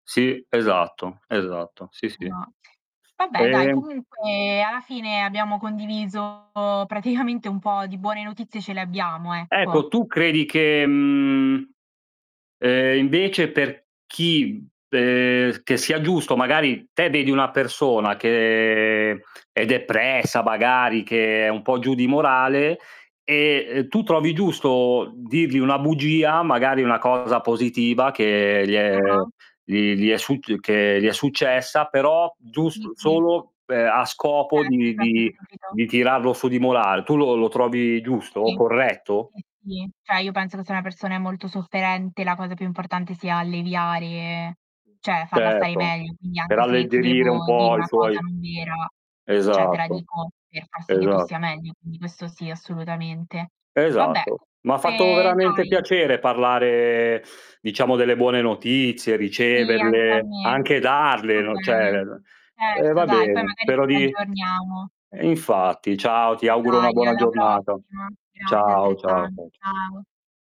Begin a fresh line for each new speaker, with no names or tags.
Sì, esatto, esatto, sì, sì.
No. Vabbè, dai
Ehm
comunque alla fine abbiamo condiviso praticamente un po' di buone notizie ce le abbiamo, ecco.
Ecco, tu credi che, mhmm, ehm, invece per chi per che sia giusto, magari te vedi una persona che è depressa magari, che è un po' giù di morale e, ehm, tu trovi giusto dirgli una bugia, magari, una cosa positiva che gli è
Ah-ah.
gli gli è succ che gli è successa, però giust
Sì, sì.
solo pe a scopo
Certo.
di
Capito,
di
capito.
di tirarlo su di morale. Tu lo lo trovi giusto?
Sì,
Corretto?
sì, sì. Cioè, io penso che se una persona è molto sofferente, la cosa più importante sia alleviare cioè, farla stare
Certo,
meglio, quindi
per
anche se ti
alleggerire un
devo dire
po' i
una cosa
suoi
non vera, cioè, te la
Esatto,
dico per far sì che tu
esa
stia meglio, quindi questo sì assolutamente. Vabbè,
Esatto. M'ha fatto
comunque
veramente
dai
piacere parlare, diciamo, delle buone notizie,
Sì, anche a
riceverle,
me.
anche
Va
darle, no, cioè
bene.
[unintelligible] ehm,
Certo
va
dai, poi
bene.
magari ci
Pero di
riaggiorniamo.
ehm, infatti, ciao, ti auguro una
Dai,
buona
alla
giornata.
prossima. Grazie
Ciao, ciao,
altrettanto.
ciao, ciao.
Ciao.